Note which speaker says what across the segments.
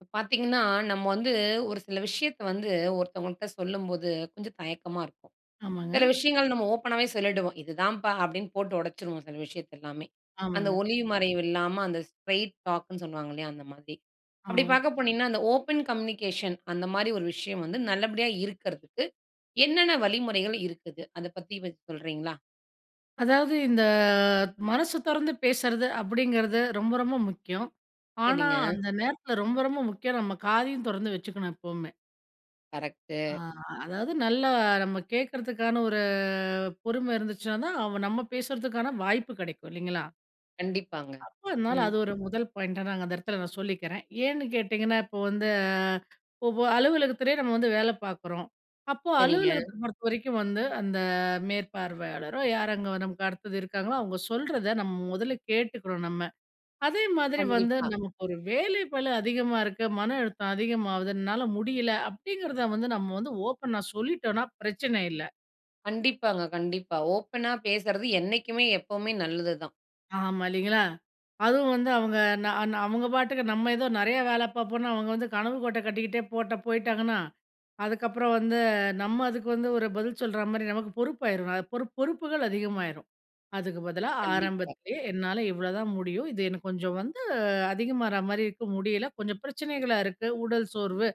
Speaker 1: இப்ப பார்த்தீங்கன்னா, நம்ம வந்து ஒரு சில விஷயத்த வந்து ஒருத்தவங்கள்ட்ட சொல்லும்போது, கொஞ்சம் தயக்கமா இருக்கும்.
Speaker 2: ஆமாங்க.
Speaker 1: சில விஷயங்கள் நம்ம ஓப்பனாவே சொல்லிவிடுவோம். "இதுதான்ப்பா" அப்பிடின்னு போட்டு உடச்சிருவோம், சில விஷயத்த எல்லாமே. அந்த
Speaker 2: ஆமாங்க.
Speaker 1: ஒளிவு மறைவு இல்லாம அந்த ஸ்ட்ரெய்ட் டாக்ன்னு சொல்லுவாங்க இல்லயா? அந்த மாதிரி. அப்பிடி
Speaker 2: ஆம்.
Speaker 1: பார்க்க போனீங்கன்னா அந்த ஓப்பன் கம்யூனிகேஷன், அந்தமாரி ஒரு விஷயம் வந்து நல்லபடியா இருக்கிறதுக்கு, என்னென்ன வழிமுறைகள் இருக்குது? அத பத்தி 1 சொல்கிறீங்களா?
Speaker 2: அதாவது இந்த மனசு தொறந்து பேசுறது அப்பிடிங்கிறது ரொம்ப, ரொம்ப முக்கியம். ஆனா,
Speaker 1: சரிங்க.
Speaker 2: அந்த நேரத்தில ரொம்ப, ரொம்ப முக்கியம் நம்ம காதையும் தொறந்து வச்சிக்கணும் எப்பவுமே.
Speaker 1: கரெக்ட்டு.
Speaker 2: அ அதாவது, நல்ல நம்ம கேட்கறதுக்கான ஒரு பொறுமை இருந்துச்சுன்னா தான், அவன் நம்ம பேசறதுக்கான வாய்ப்பு கிடைக்கும் இல்லைங்களா?
Speaker 1: கண்டிப்பாங்க.
Speaker 2: அப்ப அதனால,
Speaker 1: ம்.
Speaker 2: அது ஒரு முதல் பாயிண்ட்டா நாங்க அந்த இடத்துல நான் சொல்லிக்கிறேன். ஏன்னு கேட்டீங்கன்னா, இப்ப வந்து ஒவ்வொ அலுவலகத்திலே நம்ம வந்து வேல பார்க்குறோம். அப்போ
Speaker 1: சரிங்க.
Speaker 2: அலுவலகத்த பொறுத்தவரைக்கும் வந்து அந்த மேற்பார்வையாளரோ, யார் அங்க நமக்கு அடுத்தது இருக்காங்களோ, அவுங்க சொல்றத நம்ம முதல்ல கேட்டுக்கணும் நம்ம. அதே மாதிரி வந்து
Speaker 1: கண்டிப்பா.
Speaker 2: நமக்கு ஒரு வேலைப்பளு அதிகமா இருக்கு மன அழுத்தம் அதிகமாவுது, என்னால முடியல அப்பிடிங்கிறத வந்து நம்ம வந்து ஓப்பனா சொல்லிட்டோன்னா பிரச்சன இல்ல.
Speaker 1: கண்டிப்பாங்க. கண்டிப்பா. ஓப்பனா பேசுறது என்னைக்குமே, எப்பவுமே நல்லதுதான்.
Speaker 2: ஆமா. இல்லைங்களா? அதுவும் வந்து அவுங்க நா நா அவுங்க பாட்டுக்க நம்ம ஏதோ நிறைய வேல பாப்போன்னு அவுங்க வந்து கனவு கோட்டை கட்டிக்கிட்டே போட்ட போயிட்டாங்கன்னா. அதுக்கப்புறம் வந்து நம்ம அதுக்கு வந்து ஒரு பதில் சொல்றமாரி, நமக்கு பொறுப்பாயிரும். பொறு பொறுப்புகள் அதிகமாயிரும். அதுக்கு பதிலா,
Speaker 1: கண்டிப்பா.
Speaker 2: ஆரம்பத்திலே என்னால இவ்வளதான் முடியும். இது எனக்கு கொஞ்சம் வந்து அதிகமாற மாரி இருக்கு. முடியல கொஞ்சம் பிரச்சனைகளாக இருக்கு. உடல் சோர்வு,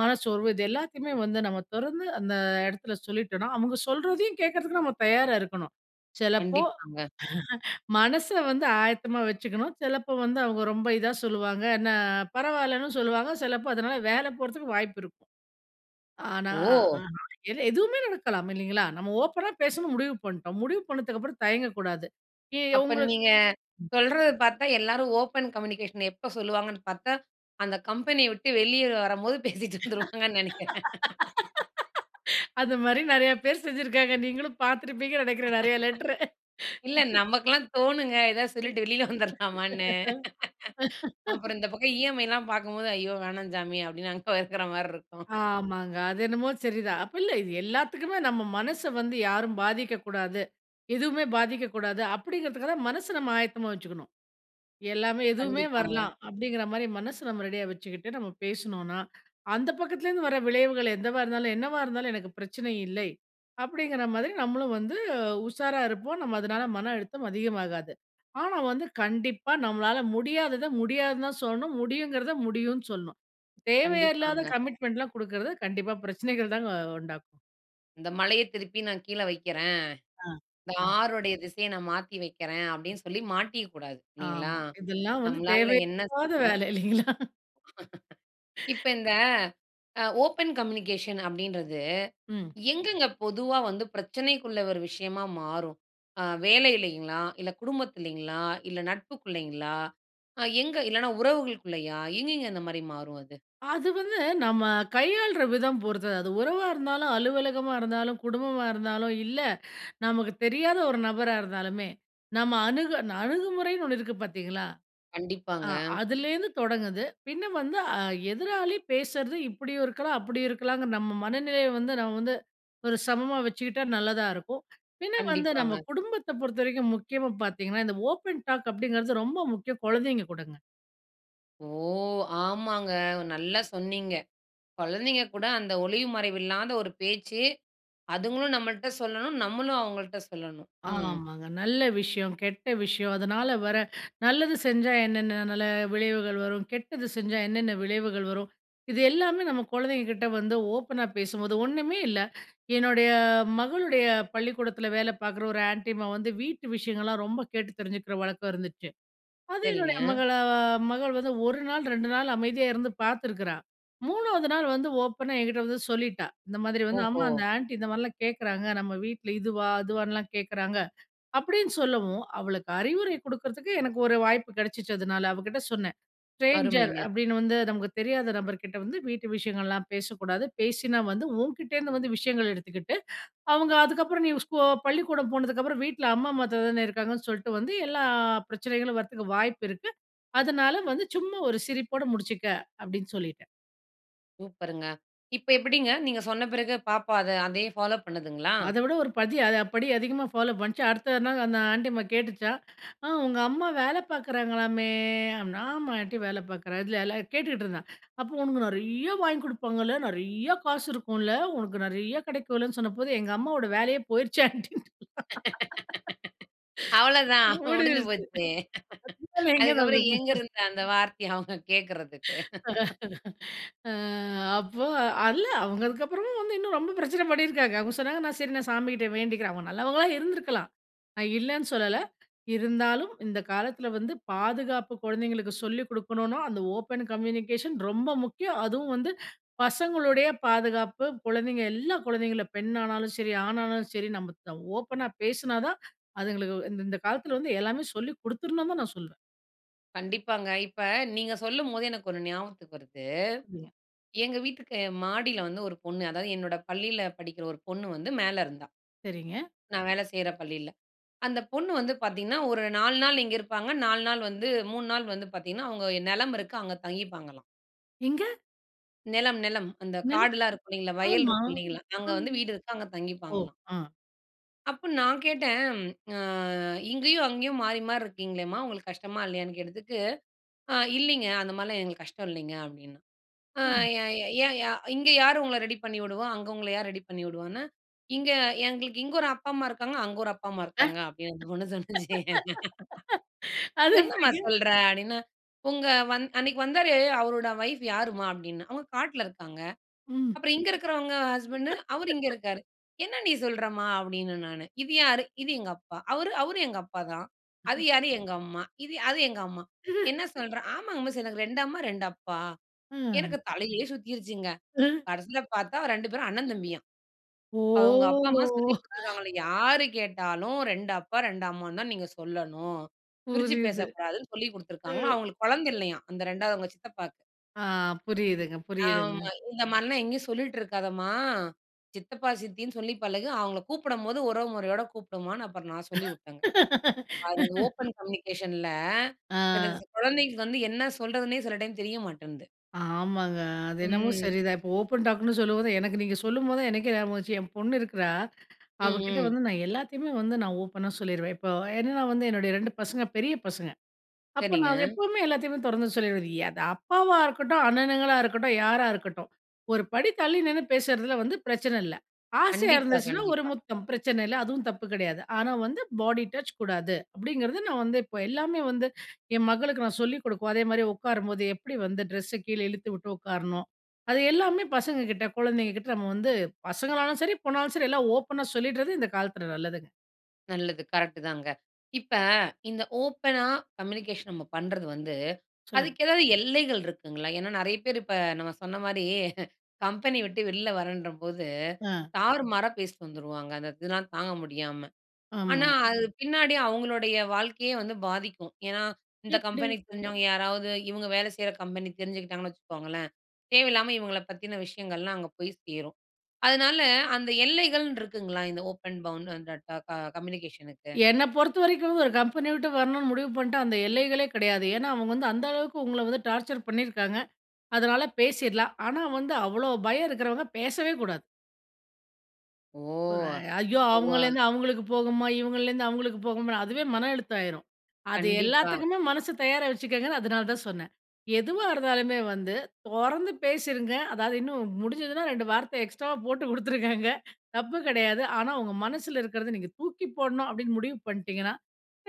Speaker 2: மனச்சோர்வு இது எல்லாத்தையுமே வந்து நம்ம தொறந்து அந்த இடத்தில சொல்லிட்டோன்னா, அவுங்க சொல்றதையும் கேக்கிறதுக்கு நம்ம தயாரா இருக்கணும். சிலப்போ
Speaker 1: கண்டிப்பாங்க.
Speaker 2: மனச வந்து ஆயத்தமா வச்சுக்கணும். சிலப்போ வந்து அவுங்க ரொம்ப இதா சொல்லுவாங்க. என்ன பரவாயில்லன்னு சொல்லுவாங்க. சிலப்போ அதனால வேல போறதுக்கு வாய்ப்பு இருக்கும். ஆனா,
Speaker 1: ஓ!
Speaker 2: அ [unintelligible] இல்ல எதுவுமே நடக்கலாம், இல்லேங்களா? நம்ம ஓப்பனா பேசணும் முடிவு பண்ணிட்டோம். முடிவு பண்ணதுக்கு அப்பறம் தயங்கக்கூடாது. [unintelligible]
Speaker 1: அப்ப
Speaker 2: உங்களுக்கு
Speaker 1: நீங்க
Speaker 2: ம்.
Speaker 1: சொல்றது பார்த்தா எல்லாரும் ஓப்பன் கம்யூனிகேஷன் எப்ப சொல்லுவாங்கன்னு பார்த்தா, அந்த கம்பெனிய விட்டு வெளிய வரம்போது பேசிட்டு வந்துருவாங்கன்னு நினைக்கிறேன்.
Speaker 2: அதுமாரி நிறைய பேர் செஞ்சிருக்காங்க. நீங்களும் பார்த்திருப்பீங்கன்னு நினைக்கிறேன் நிறைய லெட்ரு.
Speaker 1: இல்ல. நமக்கெல்லாம் தோணுங்க, எதாவது
Speaker 2: ம்.
Speaker 1: சொல்லிட்டு வெளில வந்துர்லாமான்னு. அப்புறம் இந்த பக்கம் இஎம்ஐலாம் பார்க்கும்போது, ஐயோ! வேணாம் சாமி, அப்பிடின்னு அங்கே இருக்கிறமாரி இருக்கும்.
Speaker 2: ஆமாங்க. அது என்னமோ சரி தான். அப்ப இல்ல. இது எல்லாத்துக்குமே நம்ம மனச வந்து யாரும் பாதிக்கக்கூடாது. எதுவுமே பாதிக்கக்கூடாது. அப்பிடிங்கிறதுக்காகதான் மனச நம்ம ஆயத்தமா வச்சிக்கணும். எல்லாமே எதுவுமே
Speaker 1: கண்டிப்பாங்க.
Speaker 2: வரலாம், அப்பிடிங்கிறமாரி மனச நம்ம ரெடியா வச்சுக்கிட்டு, நம்ம பேசினோனா, அந்த பக்கத்துலேருந்து வர விளைவுகள் என்னவா இருந்தாலும் என்னவா இருந்தாலும் எனக்கு பிரச்சனை இல்லை, அப்பிடிங்கிற மாதிரி நம்மளும் வந்து உஷாரா இருப்போம். நம்ம அதுனால மன அழுத்தம் அதிகமாகாது. ஆனா, வந்து கண்டிப்பா நம்மளால முடியாதத, முடியாதுன்னு தான் சொல்லணும். முடியுங்கிறத முடியுன்னு சொல்லணும். தேவையே இல்லாத
Speaker 1: கண்டிப்பாங்க.
Speaker 2: கமிட்மென்ட்லாம் குடுக்குறது கண்டிப்பா பிரச்சனைகள் தாங்க உண்டாக்கும்.
Speaker 1: இந்த மலய திருப்பி நான் கீழ வைக்கிறன்,
Speaker 2: ஆ.
Speaker 1: இந்த
Speaker 2: ஆ
Speaker 1: ஆறுடைய திசைய நான் மாத்தி வைக்கிறன்
Speaker 2: அ.
Speaker 1: அப்டின்னு சொல்லி மாட்டிக்க கூடாது இல்லிங்களா.
Speaker 2: ஆமா. இதெல்லாம் வந்து
Speaker 1: நம்மளால என்ன
Speaker 2: தேவையில்லாத
Speaker 1: செய்யணுமோ
Speaker 2: வேல இல்லைங்களா?
Speaker 1: இப்ப இந்த அ ஓப்பன் கம்யூனிகேஷன் அப்டின்றது,
Speaker 2: ம்.
Speaker 1: எங்கங்க பொதுவா வந்து பிரச்சனைக்குள்ள ஒரு விஷயமா மாறும். ஆங் வேலையிலைங்களா, இல்ல குடும்பத்திலிங்களா, இல்ல நட்புக்குளைங்களா, அ எங்க இல்லனா உறவுகளுக்குள்ளயா, எங்கங்க அந்த மாரி மாறும் அது?
Speaker 2: அது வந்து, நம்ம கையாள்ற விதம் பொறுத்தது. அது உறவா இருந்தாலும், அலுவலகமா இருந்தாலும், குடும்பமா இருந்தாலும், இல்ல நமக்கு தெரியாத ஒரு நபரா இருந்தாலுமே நம்ம அணுக அணுகுமுறைன்னு ஒன்னு இருக்கு பார்த்தீங்களா? ஆ
Speaker 1: கண்டிப்பாங்க.
Speaker 2: அதிலேந்து தொடங்குது. பின்ன வந்து அ எதிராளி பேசற்து இப்டியும் இருக்கலாம், அப்டியும் இருக்கலாம்ங்க, நம்ம மனநிலைய வந்து நம்ம வந்து ஒரு சமமா வச்சுக்கிட்டா நல்லதா இருக்கும். பின்ன வந்து நம்ம
Speaker 1: கண்டிப்பாங்க.
Speaker 2: குடும்பத்தைப் பொறுத்த வரைக்கும் முக்கியமா பார்த்தீங்கன்னா, இந்த ஓப்பன் டாக் அப்டிங்கிறது ரொம்ப முக்கியம் குழந்தைங்க கூடங்க.
Speaker 1: ஓ ஆமாங்க! நல்லா சொன்னீங்க. குழந்தைங்க கூட அந்த ஒளிவு மறைவு இல்லாத ஒரு பேச்சு. அதங்களும் நம்மள்ட சொல்லணும். நம்மளும் அவங்கள்ட சொல்லணும். ம்.
Speaker 2: ஆமாங்க. நல்ல விஷயம், கெட்ட விஷயம். அதனால வர நல்லது செஞ்சா என்னென்ன நல்ல விளைவுகள் வரும். கெட்டது செஞ்சா என்னென்ன விளைவுகள் வரும். இது எல்லாமே நம்ம குழந்தைங்க கிட்ட வந்து ஓப்பனா பேசும்போது ஒன்னுமே இல்ல என்னுடைய அ மகளுடைய பள்ளிக்கூடத்துல வேலை பார்க்குற ஒரு ஆன்டி அம்மா வந்து வீட்டு விஷயங்கள்லாம் ரொம்ப கேட்டு தெரிஞ்சுக்கிற வழக்கம் இருந்துச்சு. அது என்னுடைய
Speaker 1: சரிங்க.
Speaker 2: மகள ஆ மகள் வந்து 1 நாள், 2 நாள் அமைதியா இருந்து பார்த்துக்கிறா. 3 நாள் வந்து ஓப்பனா என்கிட்ட வந்து சொல்லிட்டா. இந்த மாதிரி வந்து அம்மா
Speaker 1: ஓஹோ!
Speaker 2: அந்த ஆன்டி இந்த மாரிலாம் கேட்குறாங்க, நம்ம வீட்ல இதுவா, அதுவான்னுலாம் கேட்கறாங்க. அப்டினு சொல்லவும் அவளுக்கு அறிவுரை குடுக்குறதுக்கு எனக்கு ஒரு வாய்ப்பு கிடைச்சுச்சு. அதனால அவ கிட்ட சொன்னன், "ஸ்ட்ரேஞ்சர்
Speaker 1: அருமைங்க!
Speaker 2: அப்டின்னு வந்து நமக்கு தெரியாத நபர்கிட்ட வந்து வீட்டு விஷயங்கள்லாம் பேசக்கூடாது. பேசினா வந்து உன்கிட்டேருந்து வந்து விஷயங்கள் எடுத்துக்கிட்டு, அவங்க அதுக்கப்புறம் நீ ஸ்கோ பள்ளிக்கூடம் போனதுக்கு அப்புறம் வீட்டில் அம்மா அம்மா, அத்தை தானே இருக்காங்கன்னு சொல்ட்டு வந்து எல்லா அ பிரச்சனைகளும் வரத்துக்கு வாய்ப்பு இருக்கு. அதனால வந்து சும்மா ஒரு சிரிப்போடு முடிச்சுக்க அப்டின்னு சொல்லிட்டன்."
Speaker 1: சூப்பர்ங்க. இப்ப எப்படிங்க, நீங்க சொன்ன பிறகு பாப்பா அத அதையே ஃபாலோ பண்ணுதுங்களா?
Speaker 2: அதவிட ஒரு படி அ படி அதிகமா ஃபாலோ பண்ணுச்சு. அடுத்த நாள் அந்த ஆன்ட்டி அம்மா கேட்டுச்சாம். அ உங்க அம்மா வேல பார்க்கிறாங்களாமே. அப்படின்னா ஆமா. ஆன்ட்டி வேல பார்க்கிறா, இதல எல்லாம் கேட்டுட்டு இருந்தான். அப்ப உனக்கு நெறைய வாங்கி கொடுப்பாங்கள்ல, நெறைய காசு இருக்கும்ல, உனக்கு நிறைய கிடைக்கும்லன்னு சொன்னப்போ, எங்க அம்மாவோட வேலையே போயிருச்சு ஆன்ட்டின்னுட்டேன்!
Speaker 1: அவ்வளவுதான், முடிஞ்சு
Speaker 2: ஓடிர்ச்சு.
Speaker 1: போச்சு! அதுக்கப்புறம் எங்கிருந்து
Speaker 2: [unintelligible]
Speaker 1: அந்த வார்த்தையை அவங்க கேட்கிறதுக்கு?
Speaker 2: அ அப்போ இல்ல அவங்க அதுக்கப்புறமும் வந்து இன்னும் ரொம்ப பிரச்சனை பண்ணி இருக்காங்க. அவங்க சொன்னாங்க நான் சரி நான் சாமிகிட்ட வேண்டிக்கிறேன். அவங்க நல்லவங்களா இருந்திருக்கலாம். நா இல்லன்னு சொல்லல, இருந்தாலும், இந்த காலத்துல வந்து பாதுகாப்பு குழந்தைகளுக்கு சொல்லிக் குடுக்கணுன்னோ அந்த ஓபன் கம்யூனிகேஷன் ரொம்ப முக்கியம். அதுவும் வந்து பசங்களுடைய பாதுகாப்பு, குழந்தைங்க எல்லா குழந்தைகளும். பெண்ணானாலும் சரி, ஆணானாலும் சரி நம்ம த ஓப்பனா பேசுனாதான் அதுங்களுக்கு இந்த காலத்துல வந்து எல்லாமே சொல்லிக் கொடுத்துரணும்னுதான் நான் சொல்வேன்.
Speaker 1: கண்டிப்பாங்க. இப்ப நீங்க சொல்லும்போதே எனக்கு ஒண்ணு ஞாபகத்துக்கு வருது.
Speaker 2: [unintelligible]
Speaker 1: எங்க வீட்டுக்கு மாடில வந்து ஒரு பொண்ணு, அதாவது என்னோட பள்ளியில படிக்கிற ஒரு பொண்ணு வந்து மேல இருந்தா.
Speaker 2: சரிங்க.
Speaker 1: நான் வேலை செய்யிற பள்ளியில. அந்த பொண்ணு வந்து பாத்தீங்கன்னா ஒரு 4 நாள் இங்க இருப்பாங்க, 4 நாள் வந்து 3 நாள் வந்து பாத்தீங்கன்னா அவங்க ஓ நிலம் இருக்கு அங்க தங்கிப்பாங்களாம்.
Speaker 2: எங்க?
Speaker 1: நிலம், நிலம் அந்த
Speaker 2: நில்
Speaker 1: காடெல்லாம் இருக்கும் இல்லீங்களா, வயல்
Speaker 2: ஆமா,
Speaker 1: இருக்கும் இல்லீங்களா, அங்க
Speaker 2: அ,
Speaker 1: வந்து வீடு இருக்கு. அங்க
Speaker 2: ஓ!
Speaker 1: தங்கிப்பாங்களாம்!
Speaker 2: ஆ.
Speaker 1: அப்ப, நான் கேட்டேன், அ "இங்கயும் அங்கயும் மாறி மாறி இருக்கீங்ளேம்மா, உங்களுக்கு கஷ்டமா இல்லையான்னு கேட்டதுக்கு. அ இல்லீங்க அந்த மாதிரிலாம் எங்களுக்கு கஷ்டம் இல்லீங்க அப்படின்னா" அ
Speaker 2: ம்.
Speaker 1: ஏ ஏ ஏன் யா இங்க யாரு உங்கள ரெடி பண்ணி விடுவா? அங்க உங்கள யாரு ரெடி பண்ணி விடுவான்னு இங்க எங்களுக்கு இங்க ஒரு அப்பா அம்மா இருக்காங்க, அங்க ஒரு அப்பா அம்மா
Speaker 2: ஆ
Speaker 1: இருக்காங்க அப்படின்னு அந்த பொண்ணு சொல்லுச்சு!
Speaker 2: அது
Speaker 1: என்னம்மா
Speaker 2: எப்டிங்க?
Speaker 1: சொல்ற? அப்படினா உங்க வந் அன்னைக்கு வந்தாரே அவருடைய வைஃப் யாரும்மா? அப்படின்னா, அவங்க காட்டுல இருக்காங்க.
Speaker 2: ம்.
Speaker 1: அப்புறம் இங்க இருக்கறவங்க ஹஸ்பண்ட், அவர் இங்க இருக்காரு. என்ன நீ சொல்றம்மா? அப்படின்னே நானு. இது யாரு? இது எங்க அப்பா. அவரு? அவரு எங்க அப்பாதான். அது
Speaker 2: அஹ.
Speaker 1: யாரு? எங்க அம்மா. இது? அது எங்க அம்மா. என்ன சொல்ற? ஆமாங்க மிஸ் எனக்கு 2 அம்மா, 2 அப்பா.
Speaker 2: அ.
Speaker 1: எனக்கு தலையே சுத்தீருச்சுங்க!
Speaker 2: அ.
Speaker 1: கடைசியில பார்த்தா, 2 பேரும் அண்ணன் தம்பியாம்.
Speaker 2: ஓ!
Speaker 1: அவங்க அப்பா அம்மா சொல்லிக் கொடுத்திருக்காங்களா யாரு கேட்டாலும் 2 அப்பா, 2 அம்மான்னு தான் நீங்க சொல்லணும். பிரிச்சு
Speaker 2: புரியுது.
Speaker 1: பேசக்கூடாதுன்னு சொல்லி கொடுத்திருக்காங்களாம்.
Speaker 2: அ.
Speaker 1: அவங்களுக்கு குழந்த இல்லையாம். அந்த இரண்டாவது அவங்க சித்தப்பாக்கு.
Speaker 2: ஆ, புரியுதுங்க, புரியுதுங்க.
Speaker 1: ஆமா, இந்த மாரிலாம் எங்கயும் சொல்லீட்டு இருக்காதம்மா. சித்தப்பா, சித்தின்னு சொல்லி பழகு, அவங்கள கூப்பிடுடம்போது உறவு முறையோடு கூப்புபிடுமான்னு, அப்புறம் நான் சொல்லி வுட்டேங்க. அது ஓப்பன் கம்யூனிகேஷன்ல சில
Speaker 2: ஆ.
Speaker 1: குழந்தைகளுக்கு வந்து என்ன சொல்றதுன்னே சில டைம் தெரிய மாட்டேன்து.
Speaker 2: ஆமாங்க, அது என்னமோ
Speaker 1: ம்.
Speaker 2: சரிதான். இப்போ ஓப்பன் டாக்ன்னு சொல்லும்போது, எனக்கு நீங்க சொல்லும்போது தான் எனக்கே ஞாபகம் வந்துச்சு. என் பொண்ணு இருக்கிறா,
Speaker 1: ம்,
Speaker 2: அவகிட்ட
Speaker 1: ம்.
Speaker 2: வந்து நான் எல்லாத்தையுமே வந்து நான் ஓப்பனா சொல்லீருவேன். இப்போ என்னென்னா வந்து என்னுடைய 2 பசங்க பெரிய பசங்க. அப்போ
Speaker 1: சரிங்க.
Speaker 2: நான் அத எப்பவுமே எல்லாத்தையுமே தொறந்து சொல்லீருவேன். இ அது அப்பாவா இருக்கட்டும், அண்ணனுங்களா இருக்கட்டும், யாரா இருக்கட்டும். ஒரு படி தள்ளி நின்னு பேசறதுல வந்து பிரச்சன இல்ல. ஆசையா
Speaker 1: கண்டிப்பா,
Speaker 2: இருந்துச்சுனா ஒரு
Speaker 1: கண்டிப்பா.
Speaker 2: முத்தம் பிரச்சன இல்ல. அதுவும் தப்பு கிடையாது. "ஆனா வந்து பாடி டச் கூடாது," அப்படிங்கிறது நான் வந்து இப்போ எல்லாமே வந்து என் மகளுக்கு நான் சொல்லிக் கொடுக்கவும், அதேமாதிரி உட்காரும்போது எப்படி வந்து ட்ரெஸ்ஸ கீழே இழுத்து விட்டு உட்காரணும். அது எல்லாமே பசங்க கிட்ட, குழந்தைங்க கிட்ட நம்ம வந்து பசங்களானாலும் சரி, பொண்ணாலும் சரி எல்லா ஓப்பனா சொல்லீடறது இந்த காலத்துல நல்லதுங்க!
Speaker 1: நல்லது, கரெக்ட்டு தாங்க. இப்ப இந்த ஓப்பனா கம்யூனிகேஷன் நம்ம பண்றது வந்து,
Speaker 2: சொல்லுங்க.
Speaker 1: அதுக்கு ஏதாவது எல்லைகள் இருக்குங்களா? ஏன்னா நிறைய பேரு இப்ப நம்ம சொன்ன மாரி, கம்பெனி விட்டு வெள்ல வரேன்றபோது,
Speaker 2: ஆ.
Speaker 1: தாறுமாறா பேசிட்டு வந்துருவாங்க. அந்த இதுலாம் தாங்க முடியாம.
Speaker 2: ஆமா.
Speaker 1: ஆனா அது பின்னாடி அவங்களுடைய வாழ்க்கையே வந்து பாதிக்கும். ஏன்னா, இந்த
Speaker 2: எப்டி?
Speaker 1: கம்பெனிக்கு தெரிஞ்சவங்க யாராவது, இவங்க வேலை செய்ற கம்பெனி தெரிஞ்சுக்கிட்டாங்கன்னு வச்சுக்கோங்களேன். தேவையில்லாம இவங்கள பத்தின விஷயங்கள்லாம் அங்க போய் சேரும். அதனால அந்த எல்லைகள்னுருக்குங்களா, இந்த ஓப்பன் பவுன் [unintelligible] அ ட க க கம்யூனிகேஷனுக்கு?
Speaker 2: என்ன பொறுத்தவரைக்கும் ஒரு கம்பெனி விட்டு வரணும்னு முடிவு பண்ணிட்டா, அந்த எல்லைகளே கிடையாது. ஏன்னா அவங்க வந்து, அந்த அளவுக்கு உங்கள வந்து டார்ச்சர் பண்ணிருக்காங்க. அதனால பேசிறலாம். ஆனா வந்து, அவ்ளோ பயம் இருக்கிறவங்க பேசவே கூடாது.
Speaker 1: ஓ!
Speaker 2: ஒரே ஐயோ!
Speaker 1: புவ
Speaker 2: அவங்கள்லேருந்து அவங்களுக்கு போகுமா, இவங்கள்லேருந்து அவங்களுக்கு போகுமா அதுவே மன அழுத்தாமாயிரும். அது
Speaker 1: கண்டிப்பா.
Speaker 2: எல்லாத்துக்குமே மனசு தயாரா வச்சுக்கங்கன்னு, அதனால தான் சொன்னேன். எதுவா இருந்தாலுமே வந்து தொறந்து பேசிருங்க. அதாவது இன்னும் முடிஞ்சிதுனா, 2 வார்த்த எக்ஸ்ட்ராவா போட்டு குடுத்துருக்காங்க தப்பு கிடையாது. ஆனா, உங்க மனசுல இருக்குறத நீங்க தூக்கி போடணும் அப்படின்னு முடிவு பண்ணிட்டீங்கன்னா.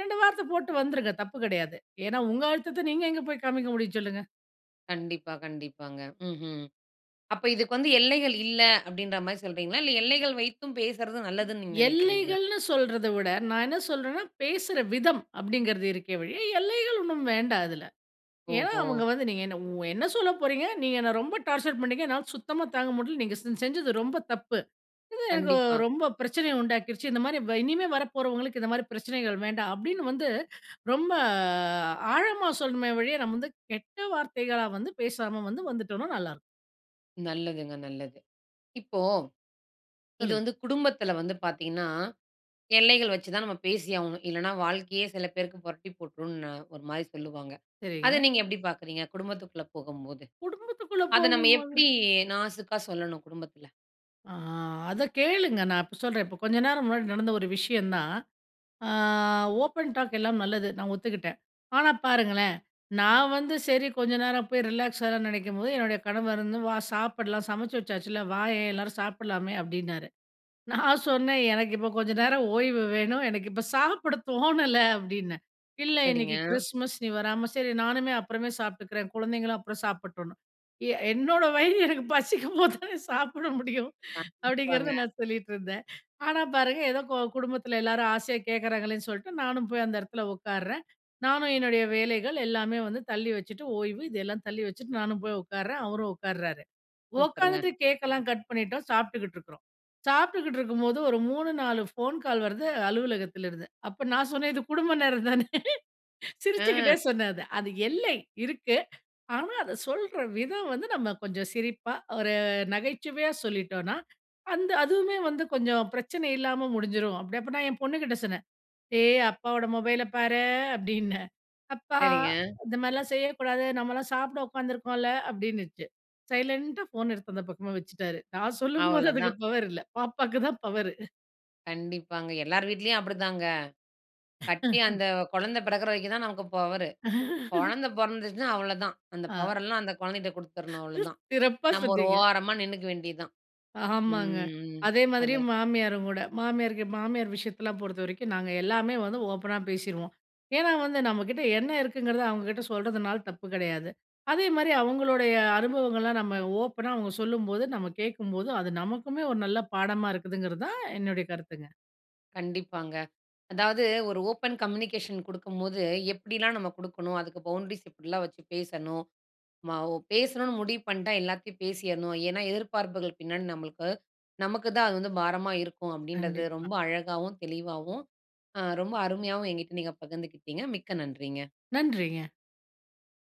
Speaker 2: 2 வார்த்த போட்டு வந்துருங்க தப்பு கிடையாது. ஏன்னா, உங்க அழுத்தத்த நீங்க எங்க போய் காமிக்க முடியும், சொல்லுங்க?
Speaker 1: கண்டிப்பா, கண்டிப்பாங்க. ம்ஹ்ம். அப்ப இதுக்கு வந்து எல்லைகள் இல்ல, அப்படின்ற மாரி சொல்றீங்களா? இல்ல, எல்லைகள் வைத்தும் பேசுறது நல்லதுன்னு நீங்க நினைக்கிறீங்களா?
Speaker 2: எல்லைகள்னு சொல்றதை விட, நான் என்ன சொல்றேன்னா பேசுற விதம். அப்படிங்கிறது இருக்கே ஒழிய, எல்லைகள் ஒண்ணும் வேண்டாம் இதில. ஏன்னா,
Speaker 1: ஓஹோ!
Speaker 2: அவங்க வந்து நீங்க என்ன என்ன சொல்ல போறீங்க, நீங்க என்னை ரொம்ப டார்ச்சர் பண்ணீங்க. என்னால சுத்தமாக தாங்க முடியல. நீங்க செ செஞ்சது ரொம்ப தப்பு. இது எனக்கு ஓ
Speaker 1: கண்டிப்பா.
Speaker 2: ரொம்ப பிரச்சனை உண்டாக்கிடுச்சு. இந்த மாதிரி வ் இனிமே வரப்போறவங்களுக்கு இந்த மாதிரி பிரச்சனைகள் வேண்டாம். அப்படின்னு வந்து ரொம்ப ஆழமா சொல்லணுமே ஒழிய நம்ம வந்து கெட்ட வார்த்தைகளா வந்து பேசாம வந்து வந்துட்டோம்னா நல்லாயிருக்கும்.
Speaker 1: நல்லதுங்க. நல்லது. இப்போ, இது
Speaker 2: சொல்லுங்க.
Speaker 1: வந்து குடும்பத்துல வந்து பார்த்தீங்கன்னா, எல்லைகள் வைச்சுதான் நம்ம பேசியாகணும். இல்லைனா வாழ்க்கையே சில பேருக்கு புரட்டி போட்டுரும்னு ஒரு மாரி சொல்லுவாங்க. அதை
Speaker 2: சரிங்க.
Speaker 1: நீங்க எப்படி பார்க்கிறீங்க? குடும்பத்துகுள்ள போகும்போது.
Speaker 2: குடும்பத்துக்குள்ள
Speaker 1: அதை நம்ம
Speaker 2: போகும்போது.
Speaker 1: எப்படி நாசுக்காக சொல்லணும், குடும்பத்துல?
Speaker 2: ஆ, அதை கேளுங்க. நான் இப்ப சொல்றேன். இப்ப கொஞ்சம் நேரம் முன்னாடி நடந்த ஒரு விஷயம்தான். அ ஓப்பன் டாக் எல்லாம் நல்லது. நான் ஒத்துக்கிட்டேன். ஆனா பாருங்களேன். நான் வந்து சரி, கொஞ்ச நேரம் போய் ரிலாக்ஸ் ஆகலாம்ன்னு நினைக்கும்போது, என்னுடைய கணவர் வந்து "வா சாப்பிடலாம். சமைச்சு வச்சாச்சுல்ல, வாயேன், எல்லாரும் சாப்பிடலாமே" அப்படின்னாரு. நான் சொன்னேன் "எனக்கு இப்ப கொஞ்ச நேரம் ஓய்வு வேணும். எனக்கு இப்ப சாப்பிட தோணல" அப்படின்னேன். "இல்ல இன்னிக்கு
Speaker 1: சரிங்க.
Speaker 2: கிறிஸ்மஸ். நீ வராம, சரி, நானுமே அப்புறமே சாப்பிட்டுக்கிறேன்." குழந்தைங்களும் அப்புறம் சாப்பிடட்டும்னு. "எ என்னோட வயிறு எனக்கு பசிக்கும் போது தானே சாப்பிட முடியும்" அப்படிங்கிறத
Speaker 1: கண்டிப்பாங்க.
Speaker 2: நான் சொல்லிட்டு இருந்தேன். ஆனா பாருங்க, ஏதோ கொ குடும்பத்துல எல்லாரும் ஆசையா கேட்கறாங்களேன்னு சொல்லிட்டு, நானும் போய் அந்த இடத்தில உட்காருறேன். நானும் என்னுடைய வேலைகள் எல்லாமே வந்து தள்ளி வச்சுட்டு, ஓய்வு இதெல்லாம் தள்ளி வச்சுட்டு, நானும் போய் உட்காருறேன். அவரும் உட்காருறாரு.
Speaker 1: சூப்பருங்க!
Speaker 2: உக்காந்துட்டு கேக்கல்லாம் கட் பண்ணிட்டோம். சாப்பிட்டுக்கிட்டு இருக்கிறோம். சாப்பிட்டுக்கிட்டு இருக்கும்போது ஒரு 3, 4 ஃபோன் கால் வருது, அலுவலகத்திலிருந்து. அப்போ நான் சொன்னேன், "இது குடும்ப நேரந்தானே!"
Speaker 1: ஆ.
Speaker 2: சிரிச்சுக்கிட்டே சொன்னேன் அத. அது எல்லை இருக்கு. ஆனா அதை சொல்ற விதம் வந்து, நம்ம கொஞ்சம் சிரிப்பா, ஒரு நகைச்சுவையா சொல்லிட்டோனா, அந்த அதுவுமே வந்து கொஞ்சம் பிரச்சனை இல்லாம முடிஞ்சிரும். அப்படி அப்போ நான் என் பொண்ணுகிட்ட சொன்னேன். "ஏய்! அப்பாவோட மொபைல பாரு" அப்படீன்னேன். "அப்பா,
Speaker 1: சரிங்க.
Speaker 2: இந்த மாரில்லாம் செய்யக்கூடாது. நம்மல்லாம் சாப்பிட உட்காந்துருக்கோம்ல" அப்படின்னுச்சு. சைலண்டா ஃபோன் எடுத்து அந்த பக்கமா வச்சுட்டாரு. நான் சொல்லும்போது, அதுக்கு
Speaker 1: அவ்வளதான்.
Speaker 2: பவர் இல்லை. பாப்பாவுக்கு தான் பவரு.
Speaker 1: கண்டிப்பாங்க. எல்லாரு வீட்லயும் அப்படித்தாங்க. கட்டி அந்த குழந்தை பிறக்கிற வரைக்கும் தான் நமக்கு பவரு. குழந்தை பிறந்துருச்சுனா அவ்வளதான். அந்த
Speaker 2: ஆ.
Speaker 1: பவரெல்லாம், அந்த குழந்தைட்ட
Speaker 2: ம்.
Speaker 1: குடுத்துறணும், அவ்வளதான்.
Speaker 2: சிறப்பா,
Speaker 1: நம்ம ஒரு
Speaker 2: சொன்னீங்க.
Speaker 1: ஓரமா நின்னுக்க வேண்டியது தான்.
Speaker 2: ஆமாங்க.
Speaker 1: ம்.
Speaker 2: அதே மாதிரியும்
Speaker 1: அதான்.
Speaker 2: மாமியாருங்கூட, மாமியார்க்கு மாமியார் விஷயத்தலாம் பொறுத்த வரைக்கும், நாங்க எல்லாமே வந்து ஓப்பனா பேசிருவோம். ஏன்னா வந்து நம்ம கிட்ட என்ன இருக்குங்கிறத அவுங்க கிட்ட சொல்றதுனால தப்பு கிடையாது. அதேமாதிரி அவங்களுடைய அனுபவங்கள்லாம் நம்ம ஓப்பனா அவுங்க சொல்லும்போது, நம்ம கேட்கும்போது, அது நமக்குமே ஒரு நல்ல பாடமா இருக்குங்கிறது தான் என்னுடைய கருத்துங்க.
Speaker 1: கண்டிப்பாங்க. அதாவது ஒரு ஓப்பன் கம்யூனிகேஷன் குடுக்கும்போது, எப்படில்லாம் நம்ம கொடுக்கணும், அதுக்கு பவுண்ட்ரீஸ் எப்படில்லாம் வச்சு பேசணும். நம்ம ஓ பேசணும்னு முடிவு பண்ணிட்டா, எல்லாத்தையும் பேசிறணும். ஏன்னா, எதிர்பார்ப்புகள் பின்னாடி நம்மளுக்கு நமக்கு தான் அது வந்து பாரமா இருக்கும், அப்படீன்றத
Speaker 2: கண்டிப்பா.
Speaker 1: ரொம்ப அழகாவும், தெளிவாவும் அ ரொம்ப அருமையாவும் என்கிட்ட நீங்க பகிர்ந்துக்கிட்டீங்க. மிக்க நன்றிங்க.
Speaker 2: நன்றிங்க.